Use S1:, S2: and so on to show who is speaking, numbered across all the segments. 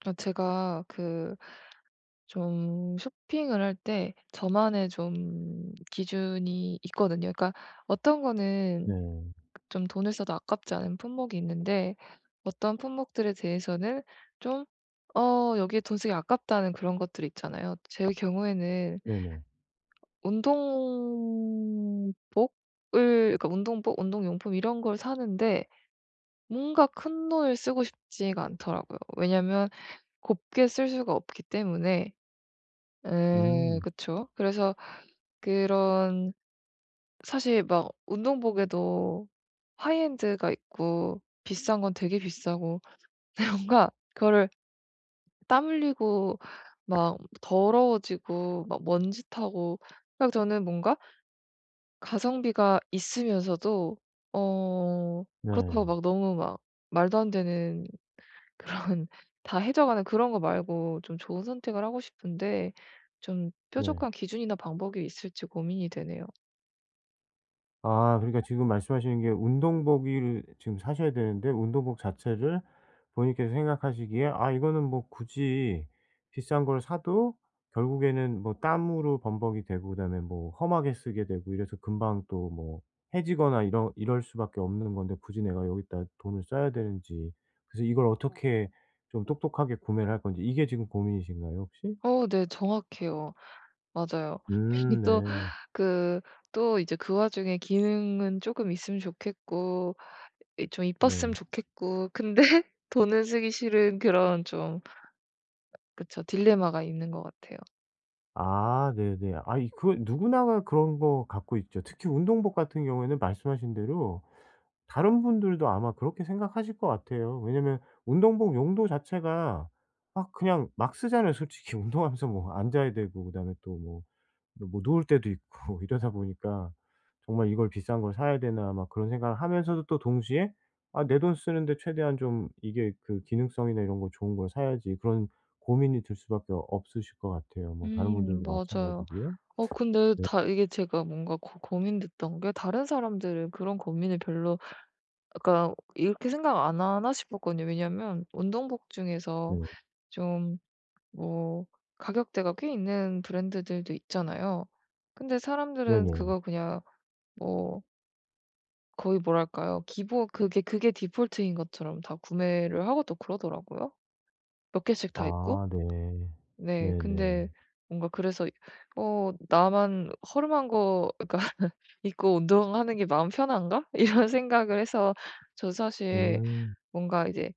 S1: 아 제가 그 좀 쇼핑을 할 때 저만의 좀 기준이 있거든요. 그러니까 어떤 거는
S2: 네.
S1: 좀 돈을 써도 아깝지 않은 품목이 있는데 어떤 품목들에 대해서는 좀 '어 여기에 돈 쓰기 아깝다.'는 그런 것들이 있잖아요. 제 경우에는
S2: 네네.
S1: 운동복을 그러니까 운동복, 운동용품 이런 걸 사는데 뭔가 큰돈을 쓰고 싶지가 않더라고요. 왜냐하면 곱게 쓸 수가 없기 때문에 예
S2: 음.
S1: 그쵸? 그래서 그런 사실 막 운동복에도 하이엔드가 있고 비싼 건 되게 비싸고 근데 뭔가 그거를 땀 흘리고 막 더러워지고 막 먼지 타고 아 그 저는 뭔가 가성비가 있으면서도 어
S2: 네.
S1: 그렇다고 막 너무 막 말도 안 되는 그런 다 헤져 가는 그런 거 말고 좀 좋은 선택을 하고 싶은데 좀
S2: 네.
S1: 뾰족한 기준이나 방법이 있을지 고민이 되네요.
S2: 아 그러니까 지금 말씀하시는 게 운동복이 을 지금 사셔야 되는데 운동복 자체를 본인께서 생각하시기에 아 이거는 뭐 굳이 비싼 걸 사도 결국에는 뭐 땀으로 범벅이 되고 그다음에 뭐 험하게 쓰게 되고 이래서 금방 또 뭐 해지거나 이런 이럴 수밖에 없는 건데 굳이 내가 여기다 돈을 써야 되는지. 그래서 이걸 어떻게 좀 똑똑하게 구매를 할 건지 이게 지금 고민이신가요 혹시?
S1: 어 네 정확해요. 맞아요. 괜히
S2: 음
S1: 또
S2: 네.
S1: 그 또 이제 그 와중에 기능은 쪼금 있으면 좋겠고 이 좀
S2: 네.
S1: 이뻤으면 좋겠고 근데 돈을 쓰기 싫은 그런 좀 그쵸 딜레마가 있는 것 같아요.
S2: 아 네네. 아이 그건 누구나가 그런 거 갖고 있죠. 특히 운동복 같은 경우에는 말씀하신 대로 다른 분들도 아마 그렇게 생각하실 것 같아요. 왜냐하면 운동복 용도 자체가 막 그냥 막 쓰잖아요 솔직히 운동하면서 뭐 앉아야 되고 그다음에 또 뭐, 뭐 누울 때도 있고 이러다 보니까 '정말 이걸 비싼 걸 사야 되나.' 막 그런 생각을 하면서도 또 동시에 '아 내 돈 쓰는데 최대한 좀 이게 그 기능성이나 이런 거 좋은 걸 사야지.' 그런 고민이 들 수밖에 없으실 것 같아요 뭐 다른
S1: 음
S2: 분들도
S1: 맞아요.
S2: 마찬가지고요.
S1: 어 근데
S2: 네.
S1: 다 이게 제가 뭔가 고 고민됐던 게 다른 사람들은 그런 고민을 별로 그러니까 '이렇게 생각 안 하나?' 싶었거든요. 왜냐하면 운동복 중에서
S2: 네.
S1: 좀 뭐 가격대가 꽤 있는 브랜드들도 있잖아요. 근데 사람들은
S2: 네네.
S1: 그거 그냥 뭐 거의 뭐랄까요. 기본 그게 그게 디폴트인 것처럼 다 구매를 하고 또 그러더라고요? 몇 개씩 다 입고?
S2: 아 네.
S1: 네 근데
S2: 네네.
S1: 뭔가 그래서 '어 나만 허름한 거 약간 입고 운동하는 게 마음 편한가?' 이런 생각을 해서 저 사실
S2: 음.
S1: 뭔가 이제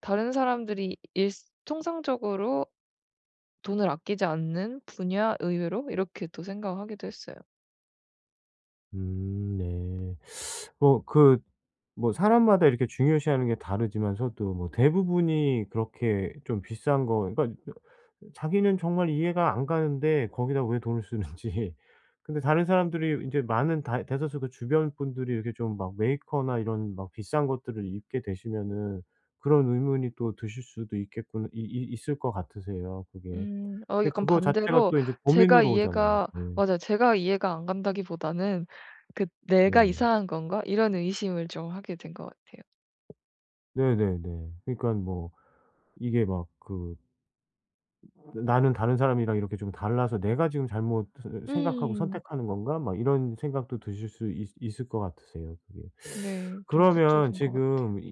S1: 다른 사람들이 일 통상적으로 돈을 아끼지 않는 분야 의외로? 이렇게 또 생각을 하기도 했어요.
S2: 음 네. 어 그 뭐 사람마다 이렇게 중요시하는 게 다르지만서도 뭐 대부분이 그렇게 좀 비싼 거 그러니까 어 자기는 정말 이해가 안 가는데 거기다 왜 돈을 쓰는지. 근데 다른 사람들이 인제 많은 다 대다수 그 주변 분들이 이렇게 좀 막 메이커나 이런 막 비싼 것들을 입게 되시면은 그런 의문이 또 드실 수도 있겠구나 이 이 있을 것 같으세요 그게.
S1: 음. 어
S2: 근데
S1: 약간
S2: 그거 자체가
S1: 반대로
S2: 또 인제
S1: 제가
S2: 고민으로 오잖아요.
S1: 이해가
S2: 네.
S1: 맞아요. 제가 이해가 안 간다기 보다는 그 '내가
S2: 네.
S1: 이상한 건가?' 이런 의심을 좀 하게 된 것 같아요.
S2: 네네네. 그러니깐 뭐 이게 막 그 '나는 다른 사람이랑 이렇게 좀 달라서 내가 지금 잘못을 생각하고
S1: 음.
S2: 선택하는 건가?' 막 이런 생각도 드실 수 있 있을 것 같으세요 그게.
S1: 네. 좀
S2: 그러면
S1: 그쪽인 것 같아요.
S2: 지금 이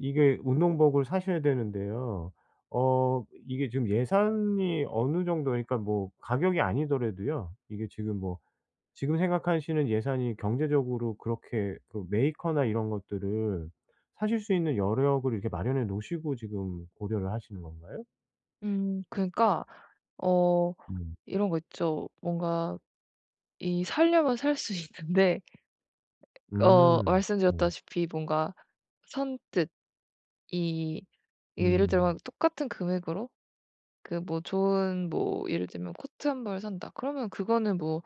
S2: 이게 운동복을 사셔야 되는데요. 어 이게 지금 예산이 어느 정도 그러니까 뭐 가격이 아니더라도요. 이게 지금 뭐 지금 생각하시는 예산이 경제적으로 그렇게 그 메이커나 이런 것들을 사실 수 있는 여력을 이렇게 마련해 놓으시고 지금 고려를 하시는 건가요?
S1: 음 그러니까 어
S2: 음.
S1: 이런 거 있죠. 뭔가 이 사려면 살 수 있는데. 어
S2: 음. 네.
S1: 말씀드렸다시피 뭔가 선뜻 이 예를 들면
S2: 음.
S1: 똑같은 금액으로 그 뭐 좋은 뭐 예를 들면 코트 1 벌 산다 그러면 그거는 뭐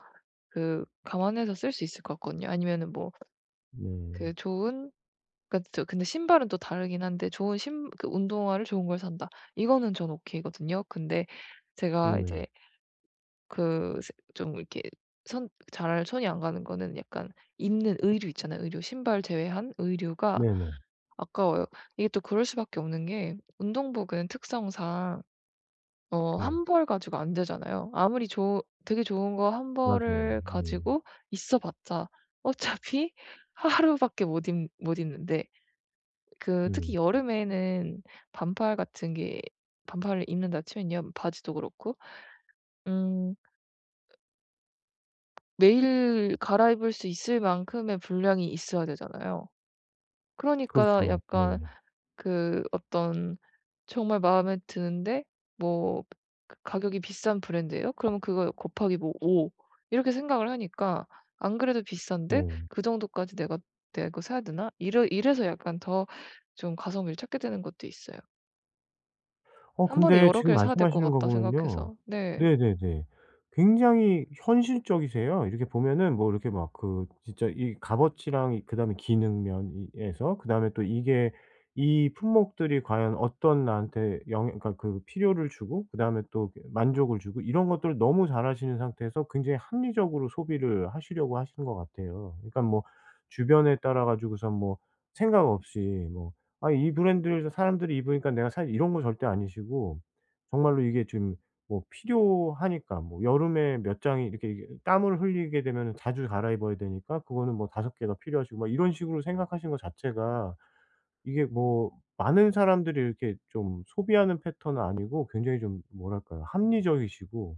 S1: 그 감안해서 쓸 수 있을 것 같거든요. 아니면은 뭐 그
S2: 네.
S1: 좋은 그러니까 또 근데 신발은 또 다르긴 한데 좋은 신 그 운동화를 좋은 걸 산다. 이거는 저는 오케이거든요. 근데 제가
S2: 음 왜.
S1: 이제 그 색 좀 이렇게 손 잘 손이 안 가는 거는 약간 입는 의류 있잖아요 의류. 신발 제외한 의류가
S2: 네네.
S1: 아까워요. 이게 또 그럴 수밖에 없는 게 운동복은 특성상 어
S2: 네.
S1: 1 벌 가지고 안 되잖아요. 아무리 좋 되게 좋은 거 1
S2: 맞아요.
S1: 벌을
S2: 네.
S1: 가지고 있어 봤자 어차피 하루밖에 못 입 못 입는데.그 특히
S2: 음.
S1: 여름에는 반팔 같은 게 반팔을 입는다 치면요, 바지도 그렇고. 음. 매일 갈아입을 수 있을 만큼의 분량이 있어야 되잖아요. 그러니까
S2: 그렇죠. 네.
S1: 약간 그 어떤 정말 마음에 드는데 뭐 가격이 비싼 브랜드에요. 그러면 그거 곱하기 뭐 5 이렇게 생각을 하니까 안 그래도 비싼데
S2: 네.
S1: 그 정도까지 '내가 내가 그거 사야 되나?' 이러 이래서 약간 더 좀 가성비를 찾게 되는 것도 있어요.
S2: 어
S1: '1 번에
S2: 근데
S1: 여러
S2: 지금
S1: 개를 사야 될 것
S2: 말씀하시는 거
S1: 같다.'
S2: 보면요.
S1: 생각해서. 네.
S2: 네네네. 굉장히 현실적이세요. 이렇게 보면은 뭐 이렇게 막 그 진짜 이 값어치랑 이 그다음에 기능 면에서 그다음에 또 이게 이 품목들이 과연 어떤 나한테 영 그니까 그 필요를 주고 그다음에 또 그 만족을 주고 이런 것들을 너무 잘하시는 상태에서 굉장히 합리적으로 소비를 하시려고 하시는 것 같아요. 그러니깐 뭐 주변에 따라가지고선 뭐 생각 없이 뭐 '아 이 브랜드를 사람들이 입으니까 내가 살' 이런 거 절대 아니시고 정말로 이게 지금 뭐 필요하니까 뭐 여름에 몇 장이 이렇게 이게 땀을 흘리게 되면은 자주 갈아입어야 되니까 그거는 뭐 5 개가 필요하시고 막 이런 식으로 생각하신 거 자체가 이게 뭐 많은 사람들이 이렇게 좀 소비하는 패턴은 아니고 굉장히 좀 뭐랄까요? 합리적이시고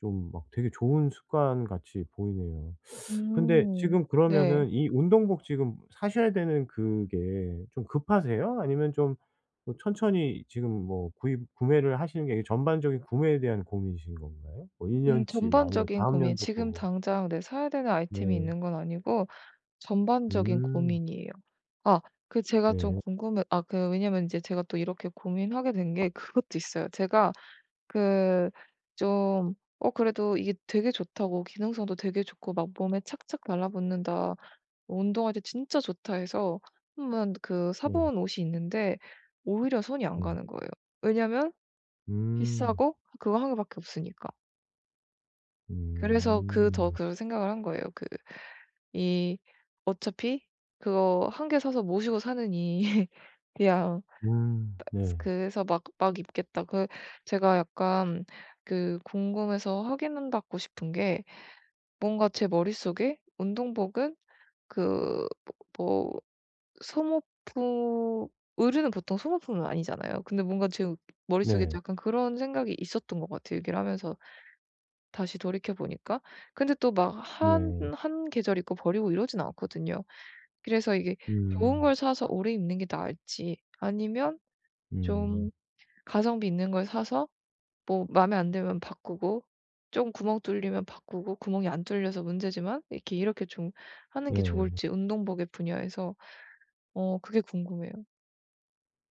S2: 좀 막 되게 좋은 습관같이 보이네요. 근데
S1: 음.
S2: 지금
S1: 네.
S2: 그러면은 이 운동복 지금 사셔야 되는 그게 좀 급하세요? 아니면 좀 뭐 천천히 지금 뭐 구입 구매를 하시는 게 전반적인 구매에 대한 고민이신 건가요? 뭐 1
S1: 음
S2: 년 치 뭐 아니면
S1: 전반적인
S2: 다음
S1: 고민
S2: 연도 거
S1: 지금
S2: 뭐.
S1: 당장 네 사야 되는 아이템이
S2: 네.
S1: 있는 건 아니고 전반적인
S2: 음.
S1: 고민이에요. 아 그 제가 좀
S2: 네.
S1: 궁금해 아 그 왜냐면 이제 제가 또 이렇게 고민하게 된 게 그것도 있어요. 제가 그 좀 "어 그래도 이게 되게 좋다."고 "기능성도 되게 좋고 막 몸에 착착 달라붙는다. 운동할 때 진짜 좋다." 해서 1 번 그 사
S2: 네.
S1: 본 옷이 있는데 오히려 손이 안
S2: 네.
S1: 가는 거예요. 왜냐면
S2: 음.
S1: 비싸고 그거 1 밖에 없으니까. 그래서 그 더
S2: 음.
S1: 그런 생각을 한 거예요. 그 이 어차피 그거 1 개 사서 모시고 사느니 그냥 따
S2: 음
S1: 스
S2: 네.
S1: 그래서 막 막 입겠다. 그 제가 약간 그 궁금해서 확인받고 싶은 게 뭔가 제 머릿속에 운동복은 그 뭐 뭐 소모품 의류는 보통 소모품은 아니잖아요. 근데 뭔가 제 머릿속에
S2: 네.
S1: 약간 그런 생각이 있었던 것 같아요, 얘기를 하면서 다시 돌이켜보니까. 근데 또 막 한
S2: 네.
S1: 한 계절 입고 버리고 이러진 않거든요. 그래서 이게 좋은
S2: 음.
S1: 걸 사서 오래 입는 게 나을지 아니면 좀
S2: 음.
S1: 가성비 있는 걸 사서 뭐 마음에 안 들면 바꾸고 쫌 구멍 뚫리면 바꾸고 구멍이 안 뚫려서 문제지만 이렇게, 이렇게 좀 하는 게
S2: 네.
S1: 좋을지 운동복의 분야에서 어 그게 궁금해요.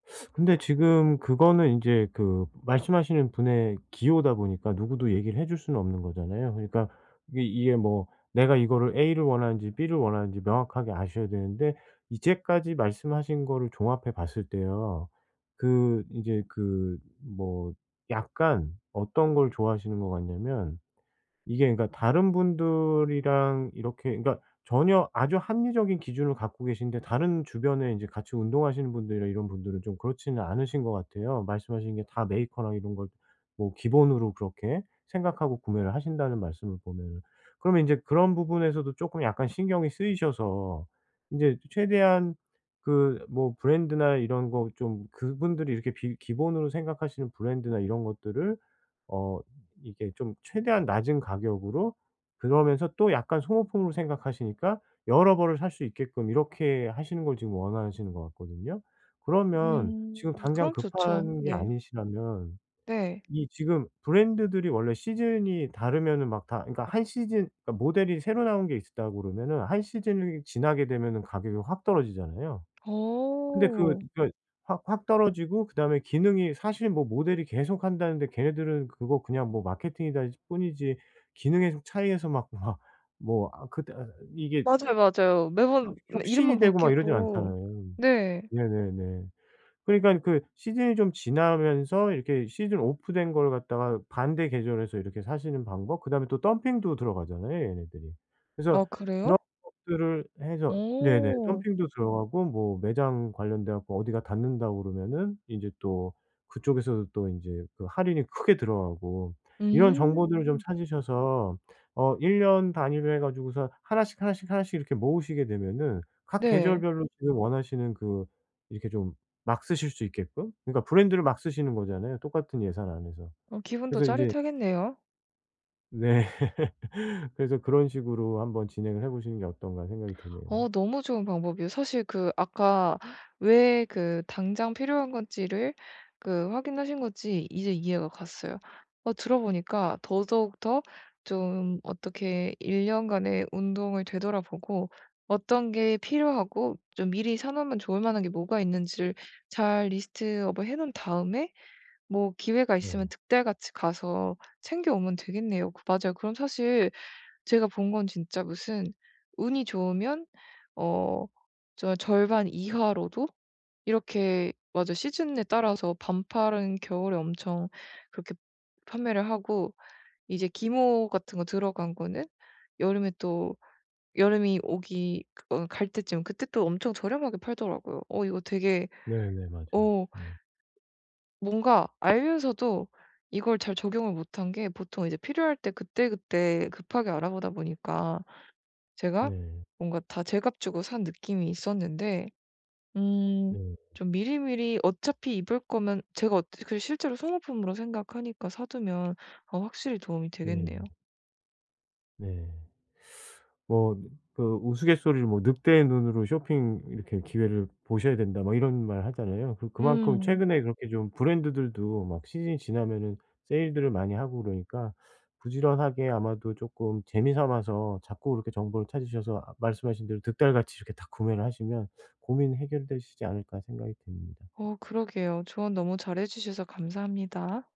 S2: 근데 지금 그거는 인제 그 말씀 하시는 분의 기호다 보니까 누구도 얘기를 해 줄 수는 없는 거잖아요. 그러니까 이게, 이게 뭐 내가 이거를 A를 원하는지 B를 원하는지 명확하게 아셔야 되는데 이제까지 말씀하신 거를 종합해 봤을 때요. 그 이제 그 뭐 약간 어떤 걸 좋아하시는 거 같냐면 이게 그러니까 다른 분들이랑 이렇게 그러니까 전혀 아주 합리적인 기준을 갖고 계신데 다른 주변에 인제 같이 운동하시는 분들이나 이런 분들은 좀 그렇지는 않으신 것 같아요, 말씀하신 게 다 메이커랑 이런 걸 뭐 기본으로 그렇게 생각하고 구매를 하신다는 말씀을 보면은. 그러면 인제 그런 부분에서도 쪼금 약간 신경이 쓰이셔서 인제 최대한 그 뭐 브랜드나 이런 거 좀 그분들이 이렇게 비 기본으로 생각하시는 브랜드나 이런 것들을 어 이 이렇게 좀 최대한 낮은 가격으로 그러면서 또 약간 소모품으로 생각하시니까 여러 벌을 살 수 있게끔 이렇게 하시는 걸 지금 원하시는 것 같거든요. 그러면 지금
S1: 음
S2: 당장
S1: 그럼 좋죠.
S2: 급한 게
S1: 네.
S2: 아니시라면
S1: 네.
S2: 이 지금 브랜드들이 원래 시즌이 다르면은 막 다 그니까 1 시즌 그니까 모델이 새로 나온 게 있으 다 그러면은 1 시즌이 지나게 되면은 가격이 확 떨어지잖아요. 근데 그
S1: 어.
S2: 그니까 확 확 떨어지고 그다음에 기능이 사실 뭐 모델이 계속한다는데 걔네들은 그거 그냥 뭐 마케팅이다 뿐이지 기능의 차이에서 막 막 뭐 아 그때 아 이게
S1: 맞아요, 맞아요. 매번
S2: 혁
S1: 이름만
S2: 혁신이 되고 막 이러진
S1: 바뀌고
S2: 않잖아요.
S1: 네.
S2: 네네네. 그러니까 그 시즌이 좀 지나면서 이렇게 시즌 오프 된 걸 갖다가 반대 계절에서 이렇게 사시는 방법 그다음에 또 덤핑도 들어가잖아요, 얘네들이.
S1: 아
S2: 그래서
S1: 그래요?
S2: 그런 것들을 해서 네네.
S1: 어.
S2: 덤핑도 들어가고 뭐 매장 관련돼 갖고 어디가 닫는다고 그러면은 제 또 그쪽에서도 또 인제 그 할인이 크게 들어가고 이런
S1: 음.
S2: 정보들을 좀 찾으셔서 어 1 년 단위로 해 가지고서 1 씩 1 씩 1 씩 이렇게 모으시게 되면은 각
S1: 네.
S2: 계절별로 지금 원하시는 그 이렇게 좀 막 쓰실 수 있게끔 그러니까 브랜드를 막 쓰시는 거잖아요, 똑같은 예산 안에서.
S1: 어 기분도
S2: 그래서 인제
S1: 짜릿하겠네요.
S2: 네. 그래서 '그런 식으로 한번 진행을 해 보시는 게 어떤가.' 생각이 드네요.
S1: 어 너무 좋은 방법이에요. 사실 그 아까 왜 그 당장 필요한 건지를 그 확인하신 건지 이제 이해가 갔어요. 아 들어보니까 더더욱 더 좀 어떻게 1 년간의 운동을 되돌아보고 어떤 게 필요하고 좀 미리 사 놓으면 좋을 만한 게 뭐가 있는지를 잘 리스트업을 해 놓은 다음에 뭐 기회가
S2: 네.
S1: 있으면 득달같이 가서 챙겨 오면 되겠네요. 그 맞아요. 그럼 사실 제가 본 건 진짜 무슨 운이 좋으면 어 저 절반 이하로도 이렇게 맞아 시즌에 따라서 반팔은 겨울에 엄청 그렇게 판매를 하고 이제 기모 같은 거 들어간 거는 여름에 또 여름이 오기 어 갈 때쯤 그때 또 엄청 저렴하게 팔더라고요. 어 이거 되게
S2: 네네 맞아요.
S1: 어
S2: 예.
S1: 뭔가 알면서도 이걸 잘 적용을 못한 게 보통 이제 필요할 때 그때그때 급하게 알아보다 보니까 제가
S2: 네.
S1: 뭔가 다 제값 주고 산 느낌이 있었는데 음
S2: 네.
S1: 좀 미리미리 어차피 입을 거면 제가 어 그리고 실제로 소모품으로 생각하니까 사 두면 어 확실히 도움이
S2: 네.
S1: 되겠네요.
S2: 네. 뭐 느 그 우스갯소리로 뭐 "늑대의 눈으로 쇼핑 이렇게 기회를 보셔야 된다." 뭐 이런 말 하잖아요. 그리고 그만큼
S1: 음.
S2: 최근에 그렇게 좀 브랜드들도 막 시즌이 지나면은 세일들을 많이 하고 그러니까 부지런하게 아마도 쪼끔 재미 삼아서 자꾸 그렇게 정보를 찾으셔서 아 말씀하신 대로 '득달같이 이렇게 다 구매를 하시면 고민이 해결되시지 않을까.' 생각이 듭니다.
S1: 어 그러게요. 조언 너무 잘 해 주셔서 감사합니다.